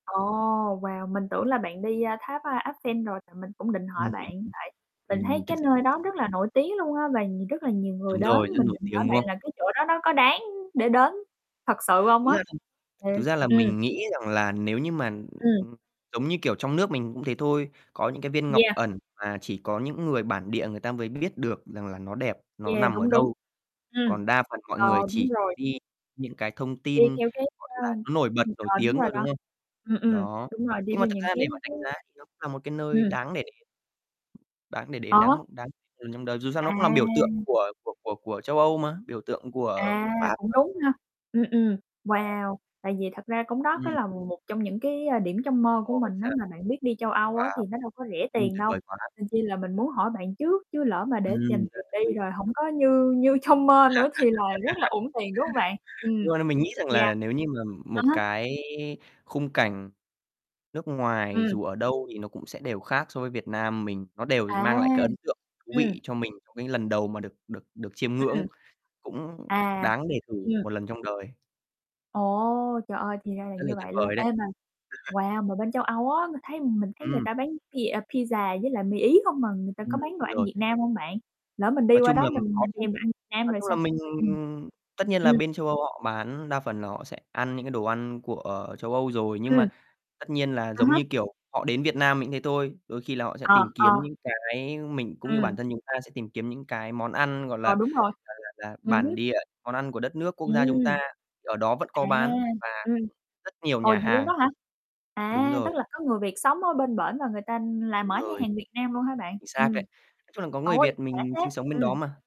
Ồ, wow, mình tưởng là bạn đi, a, tháp, a, Eiffel rồi thì mình cũng định hỏi Ưm, mình bạn, tại ừm, mình thấy ừm, thực cái sự là nơi mình đó rất là nổi tiếng luôn á và nh rất là nhiều người Đúng đến, rồi, rất mình nổi định hỏi tiếng, đúng bạn không? là cái chỗ đó nó có đáng để đến thật sự hông Thực ra á? thì thực Thiệt, ra là ừm. mình nghĩ rằng là nếu như mà Ừm. [unintelligible] giống như, kiểu, trong nước mình cũng thế thôi, có những cái viên ngọc Yeah. ẩn mà chỉ có những người bản địa người ta mới biết được rằng là nó đẹp, nó Yeah, nằm ở đúng, đúng, đâu, ừm, còn đa phần mọi ờ, người đúng chỉ có rồi. đi những cái thông Đi tin, theo cái, gọi ơ, là, nó nổi bật, ừm, nổi ờ, đúng tiếng rồi thôi, đó. đúng không? Ừm, ừm, Đó, đúng rồi, đi nhưng mà theo thực những ra cái để mà cái đánh giá thì nó cũng là một cái nơi Ừm. đáng để để đáng để đến, đáng Có. một đáng [unintelligible] lần trong đời, dù sao nó cũng làm biểu tượng À. của của của của châu Âu mà, biểu tượng của À, Pháp cũng [unintelligible] đúng ha, ừm, ừm, [unintelligible] wow, tại vì thật ra cũng đó có Ừm. là một trong những cái, a, điểm trong mơ của Ồ, vậy mình á, sao? mà bạn biết đi châu Âu á Wow. thì nó đâu có rẻ Ưm, tiền tuyệt đâu, vời quá. nên chi là mình muốn hỏi bạn trước, chứ lỡ mà để dành Ừm. Rất tiền thú vị. đi rồi hổng có như như trong mơ nữa thì là rất là uổng tiền, đúng hông bạn? Ừm, Nhưng mà là mình nghĩ rằng yeah. là nếu như mà À một há. cái khung cảnh nước ngoài Ừm. dù ở đâu thì nó cũng sẽ đều khác so với Việt Nam mình, nó đều À, mang lại cái ấn tượng thú ừm. vị cho mình trong cái lần đầu mà được được được chiêm Ừm. ngưỡng, cũng À, đáng để thử ừm. một lần trong đời. Ồ, trời ơi, thì ra là Rất là như tuyệt vậy luôn. vời đấy. Ê mà wow, mà bên châu Âu á, ng thấy, ừm, mình thấy người Ừm. ta bán pia pizza với lại mì Ý không mà người ta Ừm, có bán đồ đúng ăn rồi. Việt Nam hông bạn? Lỡ mình đi Nói qua chung đó là mình có mình chứ, thèm đồ ăn Nam nói rồi chung là sao? mình Ừm. tất nhiên là Ừm. bên châu Âu họ bán đa phần là họ sẽ ăn những cái đồ ăn của châu Âu rồi, nhưng Ừm. mà tất nhiên là À giống há. như, kiểu, họ đến Việt Nam mình thế thôi, đôi khi là họ sẽ Ờ, tìm kiếm ờ. những cái mình cũng như bản Ừm. thân chúng ta sẽ tìm kiếm những cái món ăn, gọi là Ờ, đúng rồi, là là là, ừ hứ. bản địa, món ăn của đất nước, quốc gia chúng ta, Ừm. ở đó vẫn có À, bán và ừm, rất nhiều ồ, nhà vậy luôn hàng. đó hả? Đúng À, tức rồi. là có người Việt sống ở bên bển và người ta là Đúng mở nhà rồi. hàng Việt Nam luôn hả bạn? Chính xác đấy, Ừm. nói chung là có người Ôi, Việt khỏe mình thế! sinh sống bên đó Ừm. mà.